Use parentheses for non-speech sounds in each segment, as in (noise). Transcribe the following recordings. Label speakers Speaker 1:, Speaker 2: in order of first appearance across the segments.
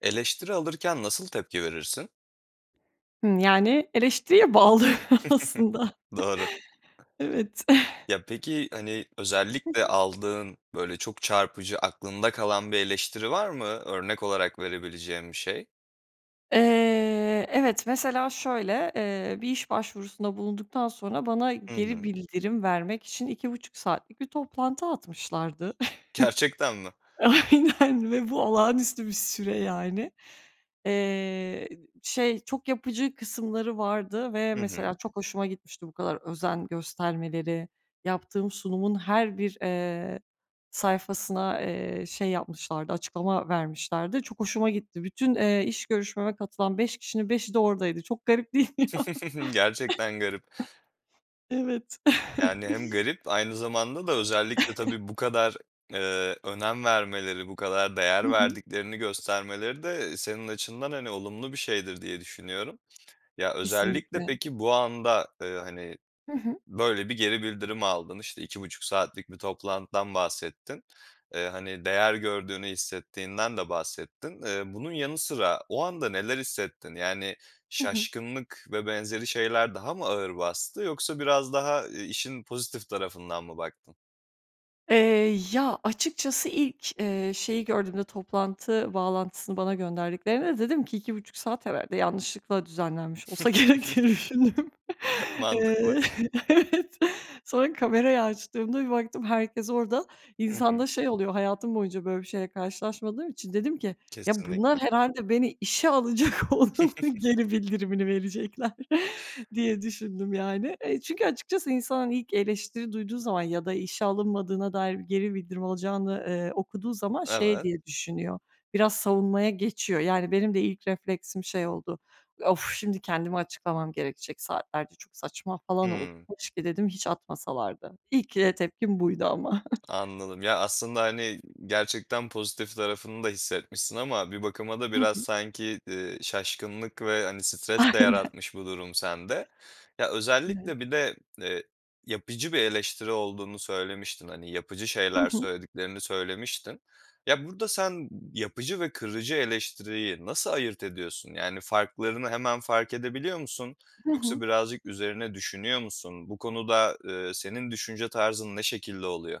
Speaker 1: Eleştiri alırken nasıl tepki verirsin?
Speaker 2: Hımm. Yani, eleştiriye bağlı
Speaker 1: (chuckles)
Speaker 2: aslında. (chuckles)
Speaker 1: Doğru.
Speaker 2: Evet.
Speaker 1: Ya,
Speaker 2: (chuckles)
Speaker 1: peki, hani,
Speaker 2: Hı
Speaker 1: özellikle
Speaker 2: hı.
Speaker 1: aldığın, böyle, çok çarpıcı aklında kalan bir eleştiri var mı? Örnek olarak verebileceğin bir şey.
Speaker 2: Eee, evet. Mesela şöyle, eee, bir iş başvurusunda bulunduktan sonra bana
Speaker 1: Hı
Speaker 2: geri
Speaker 1: hı.
Speaker 2: bildirim vermek için 2,5 saatlik bir toplantı atmışlardı.
Speaker 1: Gerçekten mi?
Speaker 2: (chuckles) Aynen ve bu olağanüstü bir süre, yani. Eee, şey, çok yapıcı kısımları vardı ve
Speaker 1: Hı
Speaker 2: mesela
Speaker 1: hı.
Speaker 2: çok hoşuma gitmişti bu kadar özen göstermeleri, yaptığım sunumun her bir, eee, sayfasına, eee, şey yapmışlardı, açıklama vermişlerdi. Çok hoşuma gitti. Bütün, eee, iş görüşmeme katılan 5 kişinin 5'i de oradaydı. Çok garip değil mi ya?
Speaker 1: (chuckles) Gerçekten garip.
Speaker 2: (chuckles) Evet.
Speaker 1: Yani, hem
Speaker 2: (chuckles)
Speaker 1: garip aynı zamanda da özellikle
Speaker 2: (chuckles)
Speaker 1: tabii bu kadar, eee, önem vermeleri, bu kadar değer
Speaker 2: Hı hı.
Speaker 1: verdiklerini göstermeleri de senin açından, hani, olumlu bir şeydir, diye düşünüyorum. Ya, özellikle
Speaker 2: Kesinlikle.
Speaker 1: peki, bu anda, ııı, hani,
Speaker 2: Hı hı.
Speaker 1: böyle bir geri bildirimi aldın. İşte, 2,5 saatlik bir toplantıdan bahsettin. Eee, hani, değer gördüğünü hissettiğinden de bahsettin. Eee, bunun yanı sıra o anda neler hissettin? Yani,
Speaker 2: Hı hı.
Speaker 1: şaşkınlık ve benzeri şeyler daha mı ağır bastı yoksa biraz daha, ııı, işin pozitif tarafından mı baktın?
Speaker 2: Eee, ya, açıkçası ilk, eee, şeyi gördüğümde, toplantı bağlantısını bana gönderdiklerinde dedim ki: "2,5 saat herhâlde yanlışlıkla düzenlenmiş olsa gerek." diye düşündüm.
Speaker 1: (chuckles) Mantıklı.
Speaker 2: Eee, evet. Sonra kamerayı açtığımda bir baktım herkes orada.
Speaker 1: Hı
Speaker 2: İnsanda
Speaker 1: hı.
Speaker 2: şey oluyor, hayatım boyunca böyle bir şeyle karşılaşmadığım için dedim ki: "Ya, bunlar
Speaker 1: Kesinlikle.
Speaker 2: herhâlde beni işe alacak, onun
Speaker 1: (chuckles)
Speaker 2: geri bildirimini verecekler." diye düşündüm, yani. Eee, çünkü açıkçası insan, hani, ilk eleştiri duyduğu zaman ya da işe alınmadığına dair geri bildirim alacağını, eee, okuduğu zaman şey
Speaker 1: Evet.
Speaker 2: diye düşünüyor. Biraz savunmaya geçiyor. Yani, benim de ilk refleksim şey oldu, "Of! Şimdi kendimi açıklamam gerekecek saatlerce. Çok saçma." falan oldu.
Speaker 1: Hımm.
Speaker 2: "Keşke" dedim, "hiç atmasalardı." İlk, eee, tepkim buydu ama. (chuckles)
Speaker 1: Anladım. Ya, aslında, hani, gerçekten pozitif tarafını da hissetmişsin ama bir bakıma da
Speaker 2: Hı
Speaker 1: biraz
Speaker 2: hı.
Speaker 1: sanki, eee, şaşkınlık ve, hani, stres de
Speaker 2: Aynen.
Speaker 1: yaratmış bu durum sende. Ya,
Speaker 2: Evet.
Speaker 1: özellikle bir de, eee, yapıcı bir eleştiri olduğunu söylemiştin hani, yapıcı
Speaker 2: Hı
Speaker 1: şeyler
Speaker 2: hı.
Speaker 1: söylediklerini söylemiştin. Ya, burada sen yapıcı ve kırıcı eleştiriyi nasıl ayırt ediyorsun? Yani, farklarını hemen fark edebiliyor musun
Speaker 2: Hı hı.
Speaker 1: yoksa birazcık üzerine düşünüyor musun? Bu konuda, eee, senin düşünce tarzın ne şekilde oluyor?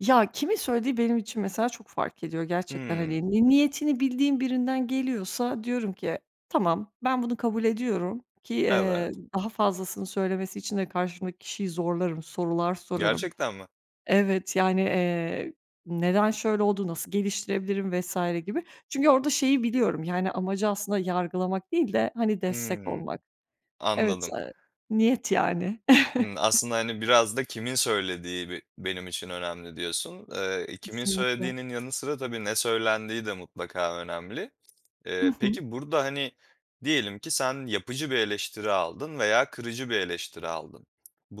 Speaker 2: Ya, kimin söylediği benim için mesela çok fark ediyor gerçekten,
Speaker 1: Hımm.
Speaker 2: hani, ni niyetini bildiğin birinden geliyorsa diyorum ki tamam ben bunu kabul ediyorum ki, eee,
Speaker 1: Evet.
Speaker 2: daha fazlasını söylemesi için de karşımdaki kişiyi zorlarım sorular sorarım.
Speaker 1: Gerçekten mi?
Speaker 2: Evet, yani, eee, neden şöyle oldu, nasıl geliştirebilirim vs. gibi. Çünkü orada şeyi biliyorum, yani, amacı aslında yargılamak değil de, hani, destek
Speaker 1: Hımm.
Speaker 2: olmak. Evet,
Speaker 1: Anladım.
Speaker 2: eee, niyet yani.
Speaker 1: Hımm.
Speaker 2: (chuckles)
Speaker 1: Aslında, hani, biraz da kimin söylediği be benim için önemli diyorsun. Eee, kimin
Speaker 2: Kesinlikle.
Speaker 1: söylediğinin yanı sıra tabii ne söylendiği de mutlaka önemli.
Speaker 2: Hı
Speaker 1: Eee,
Speaker 2: hı.
Speaker 1: peki, burada, hani, diyelim ki sen yapıcı bir eleştiri aldın veya kırıcı bir eleştiri aldın.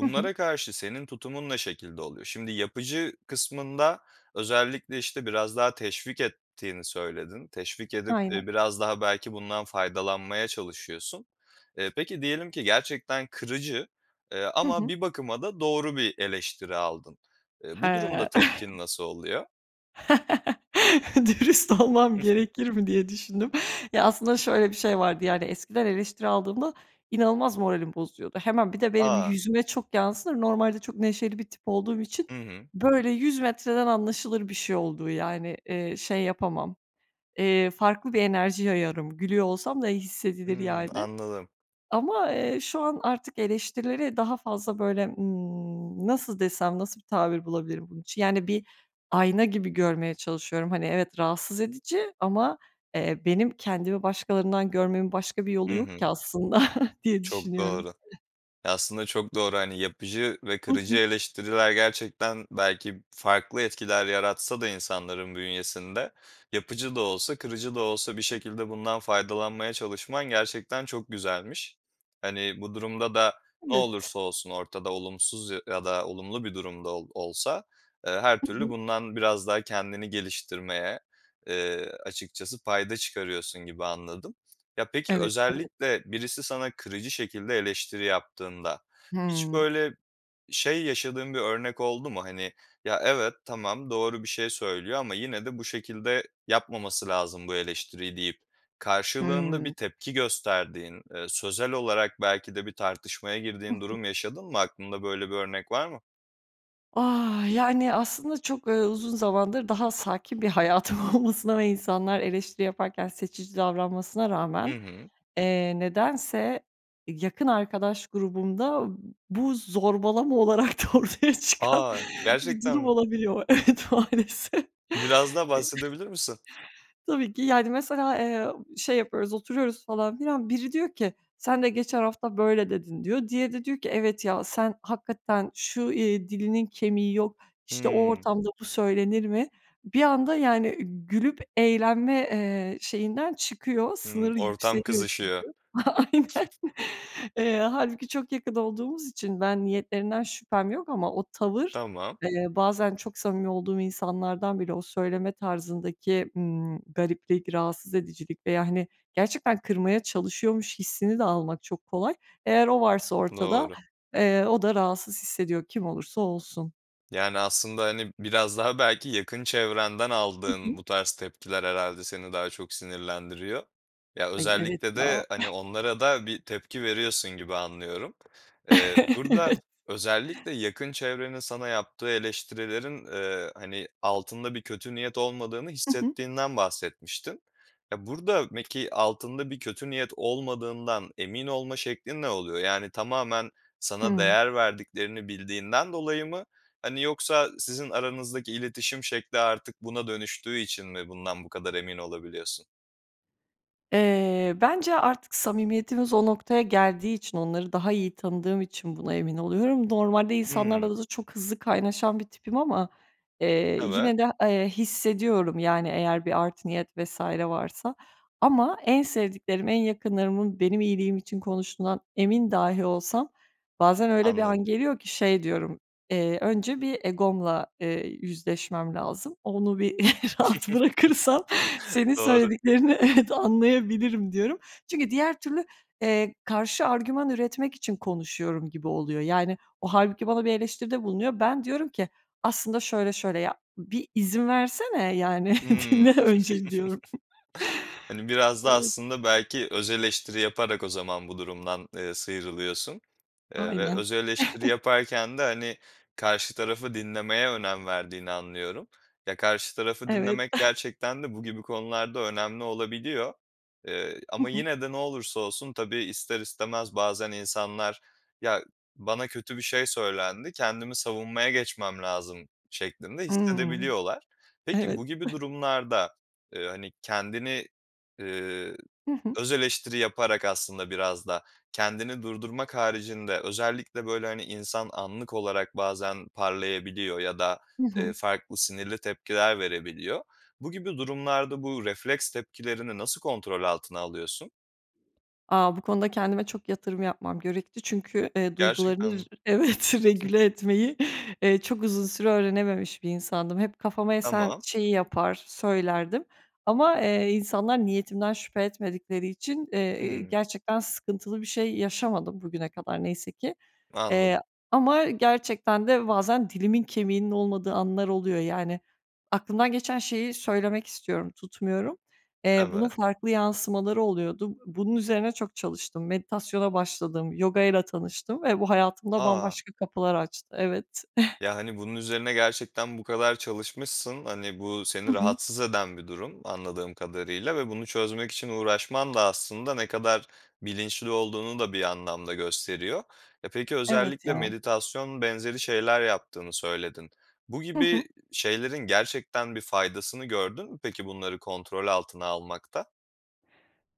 Speaker 2: Hı hı.
Speaker 1: karşı senin tutumun ne şekilde oluyor? Şimdi yapıcı kısmında özellikle, işte, biraz daha teşvik ettiğini söyledin. Teşvik edip,
Speaker 2: Aynen.
Speaker 1: eee, biraz daha belki bundan faydalanmaya çalışıyorsun. Eee, peki, diyelim ki gerçekten kırıcı, eee,
Speaker 2: Hı
Speaker 1: ama
Speaker 2: hı.
Speaker 1: bir bakıma da doğru bir eleştiri aldın. Eee, bu
Speaker 2: He.
Speaker 1: durumda tepkin
Speaker 2: (chuckles)
Speaker 1: nasıl oluyor?
Speaker 2: (chuckles) Dürüst olmam
Speaker 1: (giggles)
Speaker 2: gerekir mi diye düşündüm. Ya aslında, şöyle bir şey vardı; yani, eskiden eleştiri aldığımda inanılmaz moralim bozuluyordu. Hemen bir de benim
Speaker 1: A!
Speaker 2: yüzüme çok yansır, normalde çok neşeli bir tip olduğum için,
Speaker 1: Hı hı.
Speaker 2: böyle, 100 metreden anlaşılır bir şey olduğu, yani, eee, şey yapamam, eee, farklı bir enerji yayarım, gülüyor olsam da ya hissedilir,
Speaker 1: Imm.
Speaker 2: yani.
Speaker 1: Anladım.
Speaker 2: Ama, eee, şu an artık eleştirilere daha fazla, böyle, ımm, nasıl desem, nasıl tabir bulabilirim bunun için? Yani, bir ayna gibi görmeye çalışıyorum, hani, evet, rahatsız edici ama, eee, benim kendimi başkalarından görmemin başka bir yolu
Speaker 1: I
Speaker 2: yok
Speaker 1: hı.
Speaker 2: ki aslında (chuckles) diye
Speaker 1: Çok
Speaker 2: düşünüyorum.
Speaker 1: doğru. Aslında çok doğru. Hani, yapıcı ve
Speaker 2: Hı
Speaker 1: kırıcı
Speaker 2: hı.
Speaker 1: eleştiriler, gerçekten belki farklı etkiler yaratsa da insanların bünyesinde, yapıcı da olsa, kırıcı da olsa bir şekilde bundan faydalanmaya çalışman gerçekten çok güzelmiş. Hani, bu durumda da ne
Speaker 2: Evet.
Speaker 1: olursa olsun ortada olumsuz ya ya da olumlu bir durum da ol olsa, eee, her
Speaker 2: Hı
Speaker 1: türlü
Speaker 2: hı.
Speaker 1: bundan biraz daha kendini geliştirmeye, eee, açıkçası payda çıkarıyorsun gibi anladım. Ya peki,
Speaker 2: Evet, evet.
Speaker 1: özellikle birisi sana kırıcı şekilde eleştiri yaptığında hiç
Speaker 2: Hıı.
Speaker 1: böyle şey yaşadığın bir örnek oldu mu? Hani, "Ya evet, tamam, doğru bir şey söylüyor ama yine de bu şekilde yapmaması lazım bu eleştiriyi" deyip karşılığında bir
Speaker 2: Hıı.
Speaker 1: tepki gösterdiğin, eee, sözel olarak belki de bir tartışmaya
Speaker 2: Hı
Speaker 1: girdiğin
Speaker 2: hı.
Speaker 1: durum yaşadın mı? Aklında böyle bir örnek var mı?
Speaker 2: Ah! Yani, aslında çok, eee, uzun zamandır daha sakin bir hayatım olmasına ve insanlar eleştiri yaparken seçici davranmasına
Speaker 1: Hı
Speaker 2: rağmen,
Speaker 1: hı.
Speaker 2: eee, nedense yakın arkadaş grubumda bu zorbalama olarak da ortaya çıkan
Speaker 1: A!
Speaker 2: bir
Speaker 1: Gerçekten
Speaker 2: durum
Speaker 1: mi?
Speaker 2: olabiliyor. Evet, maalesef.
Speaker 1: Biraz daha bahsedebilir misin?
Speaker 2: (chuckles) Tabii ki. Yani, mesela, eee, şey yapıyoruz, oturuyoruz falan filan, biri diyor ki, "Sen de geçen hafta böyle dedin." diyor. Diğeri de diyor ki, "Evet ya, sen hakikaten şu, iii, dilinin kemiği yok, işte o
Speaker 1: Hımm.
Speaker 2: ortamda bu söylenir mi?" Bir anda, yani, gülüp eğlenme, eee, şeyinden çıkıyor,
Speaker 1: Hımm.
Speaker 2: sınırı
Speaker 1: Ortam
Speaker 2: yükseliyor. Çünkü,
Speaker 1: kızışıyor.
Speaker 2: aynen.
Speaker 1: (chuckles)
Speaker 2: Eee, hâlbuki çok yakın olduğumuz için ben niyetlerinden şüphem yok ama o tavır,
Speaker 1: Tamam.
Speaker 2: eee, bazen çok samimi olduğum insanlardan bile, o söyleme tarzındaki, ımm, gariplik, rahatsız edicilik veya hani gerçekten kırmaya çalışıyormuş hissini de almak çok kolay. Eğer o varsa ortada,
Speaker 1: Doğru.
Speaker 2: eee, o da rahatsız hissediyor, kim olursa olsun.
Speaker 1: Yani, aslında, hani, biraz daha belki yakın çevrenden
Speaker 2: Hı hı.
Speaker 1: aldığın bu tarz tepkiler herhâlde seni daha çok sinirlendiriyor. Ya,
Speaker 2: Ay, evet,
Speaker 1: özellikle
Speaker 2: ya.
Speaker 1: de, hani, onlara da bir tepki veriyorsun gibi anlıyorum. Eee,
Speaker 2: (chuckles)
Speaker 1: burada
Speaker 2: Evet.
Speaker 1: özellikle yakın çevrenin sana yaptığı eleştirilerin, eee, hani, altında bir kötü niyet olmadığını
Speaker 2: Hı hı.
Speaker 1: hissettiğinden bahsetmiştin. Ya, burada peki altında bir kötü niyet olmadığından emin olma şeklin ne oluyor? Yani, tamamen sana
Speaker 2: Hımm.
Speaker 1: değer verdiklerini bildiğinden dolayı mı? Hani, yoksa sizin aranızdaki iletişim şekli artık buna dönüştüğü için mi bundan bu kadar emin olabiliyorsun?
Speaker 2: Eee, bence artık samimiyetimiz o noktaya geldiği için, onları daha iyi tanıdığım için buna emin oluyorum. Normalde
Speaker 1: Hımm.
Speaker 2: insanlarla da çok hızlı kaynaşan bir tipim ama, eee,
Speaker 1: Evet.
Speaker 2: yine de, eee, hissediyorum, yani, eğer bir art niyet vs. varsa ama en sevdiklerim, en yakınlarımın benim iyiliğim için konuştuğundan emin dahi olsam bazen öyle bir
Speaker 1: Anladım.
Speaker 2: an geliyor ki şey diyorum, eee, "Önce bir egomla, eee, yüzleşmem lazım onu bir rahat bırakırsam
Speaker 1: (chuckles)
Speaker 2: senin
Speaker 1: Doğru.
Speaker 2: söylediklerini evet, anlayabilirim." diyorum. Çünkü diğer türlü, eee, karşı argüman üretmek için konuşuyorum gibi oluyor. Yani, o hâlbuki bana bir eleştiride bulunuyor. Ben diyorum ki aslında şöyle şöyle ya, bir izin versene, yani,
Speaker 1: Hımm.
Speaker 2: dinle
Speaker 1: (chuckles)
Speaker 2: önce, diyorum.
Speaker 1: Hani, biraz da
Speaker 2: Evet.
Speaker 1: aslında belki öz eleştiri yaparak o zaman bu durumdan, eee, sıyrılıyorsun, eee, ve
Speaker 2: Aynen.
Speaker 1: öz eleştiri
Speaker 2: (chuckles)
Speaker 1: yaparken de, hani, karşı tarafı dinlemeye önem verdiğini anlıyorum. Ya, karşı tarafı
Speaker 2: Evet.
Speaker 1: dinlemek
Speaker 2: (chuckles)
Speaker 1: gerçekten de bu gibi konularda önemli olabiliyor, eee,
Speaker 2: Hı
Speaker 1: ama
Speaker 2: hı.
Speaker 1: yine de ne olursa olsun tabii ister istemez bazen insanlar "Ya, bana kötü bir şey söylendi, kendimi savunmaya geçmem lazım." şeklinde
Speaker 2: Hımm.
Speaker 1: hissedebiliyorlar. Peki,
Speaker 2: Evet.
Speaker 1: bu gibi
Speaker 2: (chuckles)
Speaker 1: durumlarda, eee, hani, kendini, eee,
Speaker 2: Hı hı.
Speaker 1: öz eleştiri yaparak aslında biraz da kendini durdurmak haricinde özellikle, böyle, hani, insan anlık olarak bazen parlayabiliyor ya da,
Speaker 2: Hı
Speaker 1: eee,
Speaker 2: hı.
Speaker 1: farklı sinirli tepkiler verebiliyor. Bu gibi durumlarda bu refleks tepkilerini nasıl kontrol altına alıyorsun?
Speaker 2: A, bu konuda kendime çok yatırım yapmam gerekti. Çünkü, eee, duygularını
Speaker 1: Gerçekten
Speaker 2: r
Speaker 1: mi?
Speaker 2: evet,
Speaker 1: (chuckles)
Speaker 2: regüle etmeyi, eee, çok uzun süre öğrenememiş bir insandım. Hep kafama esen
Speaker 1: Tamam.
Speaker 2: şeyi yapar, söylerdim ama, eee, insanlar niyetimden şüphe etmedikleri için, eee, iii,
Speaker 1: Hıı.
Speaker 2: gerçekten sıkıntılı bir şey yaşamadım bugüne kadar neyse ki.
Speaker 1: Anladım.
Speaker 2: Eee, ama gerçekten de bazen dilimin kemiğinin olmadığı anlar oluyor, yani. Aklımdan geçen şeyi söylemek istiyorum, tutmuyorum. Eee, bunun
Speaker 1: Evet.
Speaker 2: farklı yansımaları oluyordu. Bunun üzerine çok çalıştım. Meditasyona başladım, yogayla tanıştım ve bu hayatımda
Speaker 1: A!
Speaker 2: bambaşka kapılar açtı, evet. (chuckles)
Speaker 1: Ya, hani, bunun üzerine gerçekten bu kadar çalışmışsın. Hani, bu seni
Speaker 2: Hı hı.
Speaker 1: rahatsız eden bir durum anladığım kadarıyla ve bunu çözmek için uğraşman da aslında ne kadar bilinçli olduğunu da bir anlamda gösteriyor. E, peki,
Speaker 2: Evet
Speaker 1: özellikle
Speaker 2: ya.
Speaker 1: meditasyon benzeri şeyler yaptığını söyledin. Bu
Speaker 2: Hı hı.
Speaker 1: gibi şeylerin gerçekten bir faydasını gördün mü, peki, bunları kontrol altına almakta?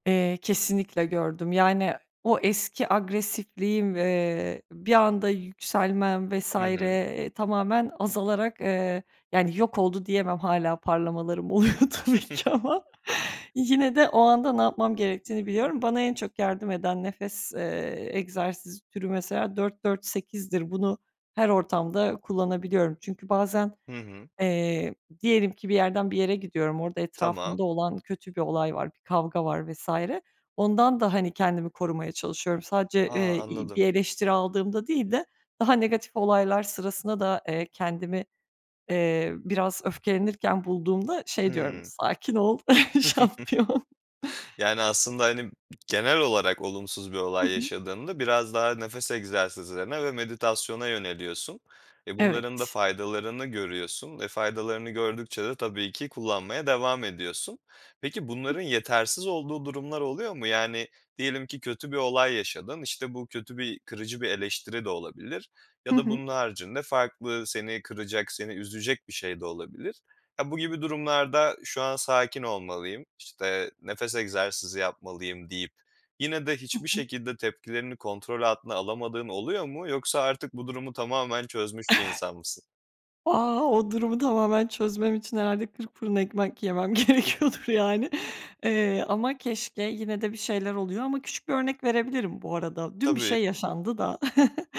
Speaker 2: Eee, kesinlikle gördüm. Yani, o eski agresifliğim, eee, bir anda yükselmem vs.
Speaker 1: Hı hı.
Speaker 2: eee, tamamen azalarak, eee, yani, yok oldu diyemem hâlâ parlamalarım oluyor tabii ki
Speaker 1: (chuckles)
Speaker 2: ama. Yine de o anda ne yapmam gerektiğini biliyorum. Bana en çok yardım eden nefes, eee, egzersiz türü mesela 4-4-8'dir. Bunu her ortamda kullanabiliyorum. Çünkü bazen,
Speaker 1: Hı hı.
Speaker 2: eee, diyelim ki bir yerden bir yere gidiyorum, orada
Speaker 1: Tamam.
Speaker 2: etrafımda olan kötü bir olay var, bir kavga var vs. Ondan da, hani, kendimi korumaya çalışıyorum. Sadece,
Speaker 1: A,
Speaker 2: eee, iii,
Speaker 1: anladım.
Speaker 2: bir eleştiri aldığımda değil de, daha negatif olaylar sırasında da, eee, kendimi, eee, biraz öfkelenirken bulduğumda şey diyorum,
Speaker 1: Hıı.
Speaker 2: "Sakin ol, şampiyon."
Speaker 1: (chuckles) Yani, aslında, hani, genel olarak olumsuz bir
Speaker 2: Hı
Speaker 1: olay
Speaker 2: hı.
Speaker 1: yaşadığında biraz daha nefes egzersizlerine ve meditasyona yöneliyorsun. E, bunların da
Speaker 2: Evet.
Speaker 1: faydalarını görüyorsun, e, faydalarını gördükçe de tabii ki kullanmaya devam ediyorsun. Peki,
Speaker 2: Hı
Speaker 1: bunların
Speaker 2: hı.
Speaker 1: yetersiz olduğu durumlar oluyor mu? Yani, diyelim ki kötü bir olay yaşadın. İşte, bu kötü bir kırıcı bir eleştiri de olabilir.
Speaker 2: Hı
Speaker 1: Ya da
Speaker 2: hı.
Speaker 1: bunun haricinde farklı seni kıracak, seni üzecek bir şey de olabilir. Ya, bu gibi durumlarda, "Şu an sakin olmalıyım." işte, "Nefes egzersizi yapmalıyım." deyip, yine de
Speaker 2: Hı
Speaker 1: hiçbir
Speaker 2: hı.
Speaker 1: şekilde tepkilerini kontrol altına alamadığın oluyor mu? Yoksa artık bu durumu tamamen çözmüş bir insan mısın?
Speaker 2: (chuckles) A, o durumu tamamen çözmem için herhâlde kırk fırın ekmek yemem
Speaker 1: (chuckles)
Speaker 2: gerekiyordur, yani. Eee, ama keşke yine de bir şeyler oluyor ama küçük bir örnek verebilirim bu arada, dün bir
Speaker 1: Tabii.
Speaker 2: şey yaşandı da. (chuckles)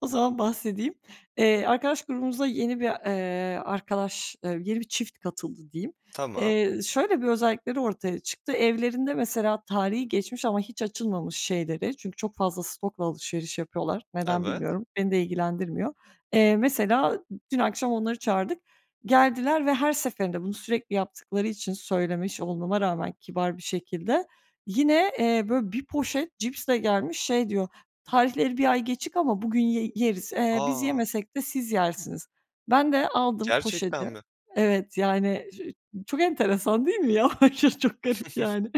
Speaker 2: O zaman bahsedeyim. Eee, arkadaş grubumuza yeni bir, eee, arkadaş, eee, yeni bir çift katıldı, diyeyim.
Speaker 1: Tamam.
Speaker 2: Eee, şöyle bir özellikleri ortaya çıktı. Evlerinde mesela tarihi geçmiş ama hiç açılmamış şeyleri, çünkü çok fazla stokla alışveriş yapıyorlar, neden
Speaker 1: Evet.
Speaker 2: bilmiyorum, beni de ilgilendirmiyor. Eee, mesela dün akşam onları çağırdık, geldiler ve her seferinde, bunu sürekli yaptıkları için söylemiş olmama rağmen kibar bir şekilde, yine, eee, böyle, bir poşet cipsle gelmiş şey diyor, "Tarihleri bir ay geçik ama bugün ye yeriz, eee, biz
Speaker 1: A!
Speaker 2: yemesek de siz yersiniz." Ben de aldım poşeti.
Speaker 1: Gerçekten mi?
Speaker 2: Evet, yani, ç ço çok enteresan değil mi? Ya, aşırı çok garip,
Speaker 1: (chuckles)
Speaker 2: yani.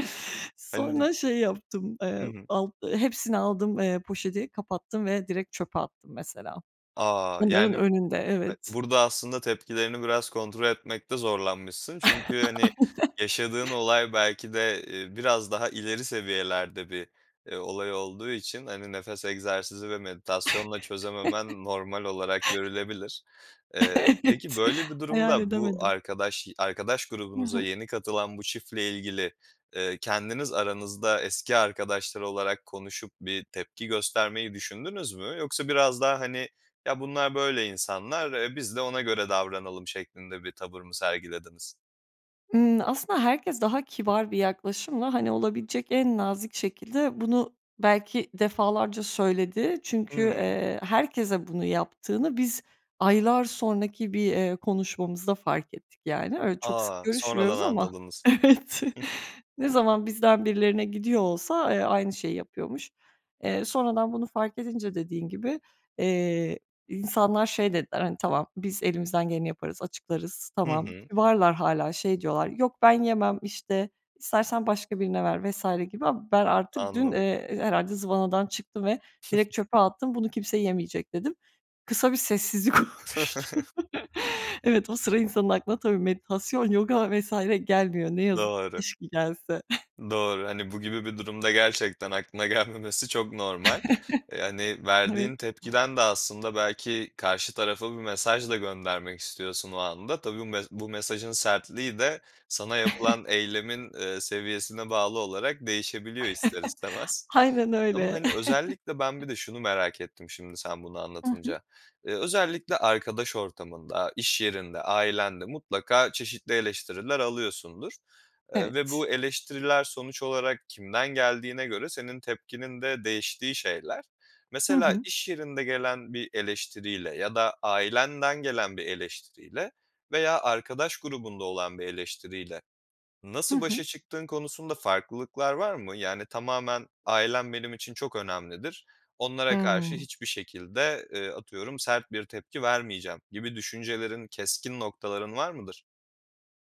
Speaker 1: Hani
Speaker 2: Sonra şey yaptım, eee,
Speaker 1: Hı hı.
Speaker 2: ald hepsini aldım, eee, poşeti, kapattım ve direkt çöpe attım, mesela.
Speaker 1: A,
Speaker 2: Onların
Speaker 1: yani,
Speaker 2: önünde,
Speaker 1: ha
Speaker 2: evet.
Speaker 1: burada aslında tepkilerini biraz kontrol etmekte zorlanmışsın. Çünkü,
Speaker 2: (chuckles)
Speaker 1: hani,
Speaker 2: Aynen.
Speaker 1: yaşadığın olay belki de, eee, biraz daha ileri seviyelerde bir, eee, olay olduğu için, hani, nefes egzersizi ve meditasyonla
Speaker 2: (chuckles)
Speaker 1: çözememen normal olarak görülebilir. Eee, peki,
Speaker 2: Evet.
Speaker 1: böyle bir
Speaker 2: Hayal
Speaker 1: durumda bu
Speaker 2: edemedim.
Speaker 1: arkadaş arkadaş
Speaker 2: Hı
Speaker 1: grubunuza
Speaker 2: hı.
Speaker 1: yeni katılan bu çiftle ilgili, eee, kendiniz aranızda eski arkadaşlar olarak konuşup bir tepki göstermeyi düşündünüz mü? Yoksa biraz daha, hani, "Ya, bunlar böyle insanlar, eee, biz de ona göre davranalım." şeklinde bir tavır mı sergilediniz?
Speaker 2: Imm, aslında herkes daha kibar bir yaklaşımla, hani, olabilecek en nazik şekilde bunu belki defalarca söyledi çünkü,
Speaker 1: Hımm.
Speaker 2: eee, herkese bunu yaptığını biz aylar sonraki bir, eee, konuşmamızda fark ettik yani. Öyle, çok sık
Speaker 1: A! Sonradan
Speaker 2: görüşmüyoruz ama
Speaker 1: anladınız.
Speaker 2: evet, ne zaman bizden birilerine gidiyor olsa, eee, aynı şeyi yapıyormuş. Eee, sonradan bunu fark edince dediğin gibi, eee, insanlar şey dediler, hani, "Tamam, biz elimizden geleni yaparız, açıklarız,
Speaker 1: Hı
Speaker 2: tamam."
Speaker 1: hı.
Speaker 2: Kibarlar hâlâ şey diyorlar, "Yok, ben yemem, işte, istersen başka birine ver." vs. gibi ama ben artık dün,
Speaker 1: Anladım.
Speaker 2: eee, herhâlde zıvanadan çıktım ve direkt çöpe
Speaker 1: (chuckles)
Speaker 2: attım "Bunu kimse yemeyecek." dedim. Kısa bir sessizlik oluştu.
Speaker 1: (chuckles)
Speaker 2: Evet, o sıra insanın aklına tabii meditasyon, yoga vs. gelmiyor ne yazık ki.
Speaker 1: Doğru.
Speaker 2: Keşke gelse. (chuckles)
Speaker 1: Doğru, hani, bu gibi bir durumda gerçekten aklına gelmemesi çok normal. Eee, hani,
Speaker 2: (chuckles) Evet.
Speaker 1: verdiğin tepkiden de aslında belki karşı tarafa bir mesaj da göndermek istiyorsun o anda. Tabii bum bu mesajın sertliği de sana yapılan
Speaker 2: (chuckles)
Speaker 1: eylemin, eee, seviyesine bağlı olarak değişebiliyor ister
Speaker 2: (chuckles)
Speaker 1: istemez
Speaker 2: Aynen
Speaker 1: ama,
Speaker 2: öyle.
Speaker 1: hani,
Speaker 2: (chuckles)
Speaker 1: özellikle ben bir de şunu merak ettim şimdi sen bunu
Speaker 2: Hı hı.
Speaker 1: anlatınca. Iıı, özellikle arkadaş ortamında, iş yerinde, ailenle mutlaka çeşitli eleştiriler alıyorsundur, eee, ve
Speaker 2: Evet.
Speaker 1: bu eleştiriler sonuç olarak kimden geldiğine göre senin tepkinin de değiştiği şeyler.
Speaker 2: Hı
Speaker 1: Mesela
Speaker 2: hı.
Speaker 1: iş yerinde gelen bir eleştiriyle ya da ailenden gelen bir eleştiriyle veya arkadaş grubunda olan bir eleştiriyle
Speaker 2: Hı
Speaker 1: nasıl
Speaker 2: hı.
Speaker 1: başa çıktığın konusunda farklılıklar var mı? Yani, tamamen "Ailem benim için çok önemlidir. Onlara karşı
Speaker 2: Hımm.
Speaker 1: hiçbir şekilde, ııı, atıyorum, sert bir tepki vermeyeceğim." gibi düşüncelerin, keskin noktaların var mıdır?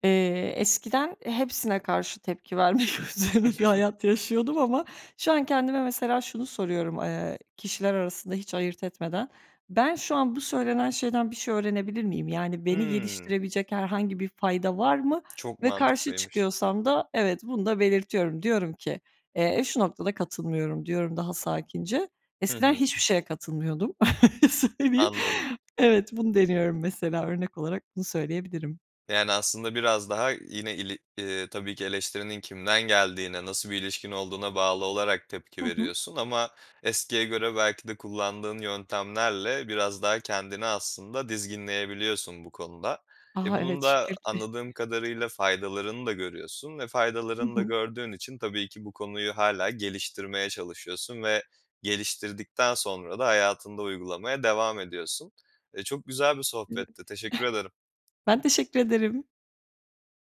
Speaker 2: Eee, eskiden eee, hepsine karşı tepki vermek üzerine bir
Speaker 1: (giggles)
Speaker 2: hayat yaşıyordum ama şu an kendime mesela şunu soruyorum, eee, kişiler arasında hiç ayırt etmeden "Ben şu an bu söylenen şeyden bir şey öğrenebilir miyim?" Yani, beni
Speaker 1: Hımm.
Speaker 2: geliştirebilecek herhangi bir fayda var mı
Speaker 1: Çok
Speaker 2: ve karşı
Speaker 1: mantıklıymış.
Speaker 2: çıkıyorsam da evet, bunu da belirtiyorum, diyorum ki, eee, "Şu noktada katılmıyorum." diyorum daha sakince,
Speaker 1: Hı
Speaker 2: eskiden
Speaker 1: hı.
Speaker 2: hiçbir şeye katılmıyordum, (chuckles) söyleyeyim.
Speaker 1: Anladım.
Speaker 2: Evet, bunu deniyorum mesela örnek olarak bunu söyleyebilirim.
Speaker 1: Yani, aslında biraz daha yine ili ııı, tabii ki eleştirinin kimden geldiğine, nasıl bir ilişkin olduğuna bağlı olarak
Speaker 2: Hı
Speaker 1: tepki
Speaker 2: hı.
Speaker 1: veriyorsun ama eskiye göre belki de kullandığın yöntemlerle biraz daha kendini aslında dizginleyebiliyorsun bu konuda. E,
Speaker 2: Aha,
Speaker 1: bunun
Speaker 2: evet,
Speaker 1: da
Speaker 2: şükür ki.
Speaker 1: anladığım kadarıyla faydalarını da görüyorsun ve
Speaker 2: Hı
Speaker 1: faydalarını da
Speaker 2: hı.
Speaker 1: gördüğün için tabii ki bu konuyu hâlâ geliştirmeye çalışıyorsun ve geliştirdikten sonra da hayatında uygulamaya devam ediyorsun. E, çok güzel bir
Speaker 2: Evet. (giggles)
Speaker 1: sohbetti. Teşekkür ederim.
Speaker 2: Ben teşekkür ederim.